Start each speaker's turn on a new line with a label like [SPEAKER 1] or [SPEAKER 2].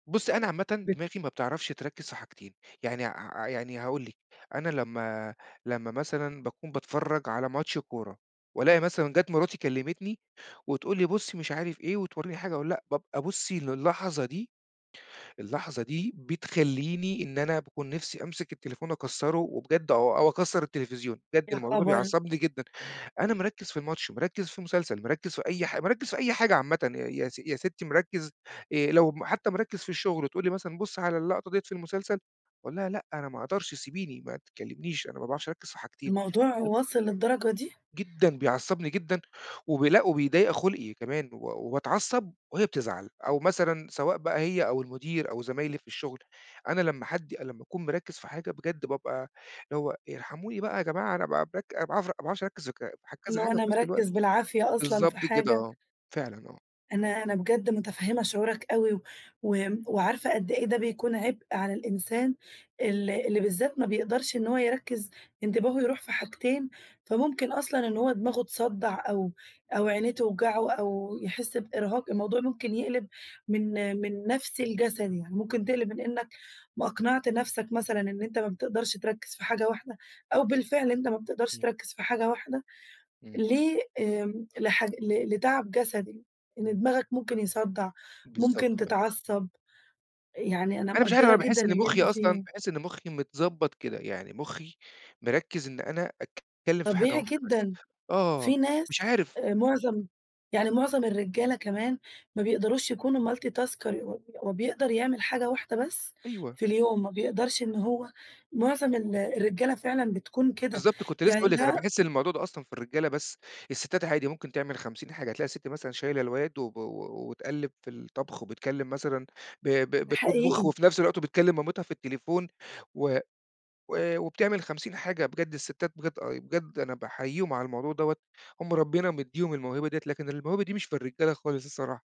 [SPEAKER 1] بُصّي، أنا عامةً
[SPEAKER 2] [unintelligible]
[SPEAKER 1] دماغي ما بتعرفش تركّز في حاجتين. يعني ع يعني هاقول لِك. أنا لمّا لمّا مثلًا باكون باتفرّج على ماتش كورة وألاقي مثلًا جات مراتي كلّمتني وتقول لي: "بُص،" مش عارف إيه وتورّيني حاجة، أقول لأ، بابقي بُصّي للحظة دي اللحظة دي بتخلّيني إن أنا باكون نفسي أمسِك التليفون أكسّره وبجد أو أو أكسّر التلفزيون. بجد
[SPEAKER 2] يا
[SPEAKER 1] الموضوع ده
[SPEAKER 2] خبر!
[SPEAKER 1] بيعصّبني جدًا. أنا مركّز في الماتش، مركّز في المسلسل، مركّز في أي حاج مركّز في أي حاجة عامةً يا س يا ستّي مركّز آآ لو م حتّى مركّز في الشُغل وتقول لي مثلًا: "بُص على اللقطة ديّة في المسلسل." أقول لها: "لأ أنا ما أقدرش، سيبيني ما تكلّمنيش، أنا ما باعرفش أركّز في حاجتين
[SPEAKER 2] الموضوع
[SPEAKER 1] [unintelligible]
[SPEAKER 2] واصل للدرجة دي؟
[SPEAKER 1] جدًا، بيعصّبني جدًا. وبي لأ وبيضيّق خُلقي كمان و وباتعصّب وهي بتزعل أو مثلًا سواء بقى هي أو المُدير أو زمايلي في الشغل، أنا لمّا حد لمّا أكون مركّز في حاجة، بجد بابقى اللي هو ارحموني بقى يا جماعة أنا ب بك ما باعرف ما باعرفش أركّز وك في كذا
[SPEAKER 2] إنه
[SPEAKER 1] حاجة
[SPEAKER 2] أنا
[SPEAKER 1] في نفس الوقت.
[SPEAKER 2] مركّز بالعافية أصلًا في
[SPEAKER 1] بالضبط كده
[SPEAKER 2] حاجة.
[SPEAKER 1] آه. فعلًا آه.
[SPEAKER 2] أنا أنا بجد مُتفهِّمة شعورك أوي وم وعارفة قد إيه ده بيكون عِبء على الإنسان ال اللي بالذات ما بيقدرش إن هو يركّز، انتباهه يروح في حاجتين، فممكن أصلًا إن هو دماغه تصدّع أو أو عينيه توجعه أو يحِس بإرهاق، الموضوع ممكن يقلِب من من نفسي لجسدي. يعني ممكن تقلِب من إنّك ما أقنعت نفسك مثلًا إن أنت ما بتقدرش تركّز في حاجة واحدة، أو بالفعل أنت ما بتقدرش
[SPEAKER 1] إمم.
[SPEAKER 2] تركّز في حاجة واحدة.
[SPEAKER 1] إمم.
[SPEAKER 2] ليه؟ آمم لحاج ل ل لتَعَب جسدي. إن
[SPEAKER 1] إمم.
[SPEAKER 2] دماغك ممكن يصدّع،
[SPEAKER 1] بالضبط
[SPEAKER 2] ممكن
[SPEAKER 1] [unintelligible]
[SPEAKER 2] تتعصّب، يعني أنا
[SPEAKER 1] أنا مش عارف
[SPEAKER 2] مقدّرة
[SPEAKER 1] أنا
[SPEAKER 2] جدًا
[SPEAKER 1] باحِس إن
[SPEAKER 2] اللي
[SPEAKER 1] مُخّي
[SPEAKER 2] أنت
[SPEAKER 1] أصلًا
[SPEAKER 2] فيه.
[SPEAKER 1] باحِس إن مُخّي متضبّط كده. يعني مُخّي مركّز إن أنا أتكلّم في حاجة
[SPEAKER 2] طبيعي
[SPEAKER 1] واحدة بس،
[SPEAKER 2] جدًا.
[SPEAKER 1] آه.
[SPEAKER 2] في
[SPEAKER 1] مش
[SPEAKER 2] ناس
[SPEAKER 1] عارف
[SPEAKER 2] آآ معظم يعني معظم الرجالة كمان ما بيقدروش يكونوا Multi Tasker، ه هو بيقدر يعمل حاجة واحدة بس
[SPEAKER 1] أيوه.
[SPEAKER 2] في اليوم، ما بيقدرش إن هو معظم ال الرجالة فعلًا بتكون كده،
[SPEAKER 1] بالضبط، كنت لسّه
[SPEAKER 2] يعني
[SPEAKER 1] هاقول لِك. أنا
[SPEAKER 2] ده
[SPEAKER 1] باحِس إن الموضوع ده أصلًا في الرجالة بس، السِتّات عادي ممكن تعمل 50 حاجة. تلاقي السِت مثلًا شايله الواد و و و وتقلِّب في الطَبْخ وبتكلّم مثلًا ب ب بتطبُخ
[SPEAKER 2] حقيقي.
[SPEAKER 1] وفي نفس الوقت وبتكلّم مامتها في التليفون و و وبتعمل 50 حاجة، بجد السِتات بجد آه، بجد أنا باحييهم على الموضوع دوّة، هم ربِّنا مدّيهُم الموهبة ديّة، لكن الموهبة دي مش في الرجالة خالص الصراحة.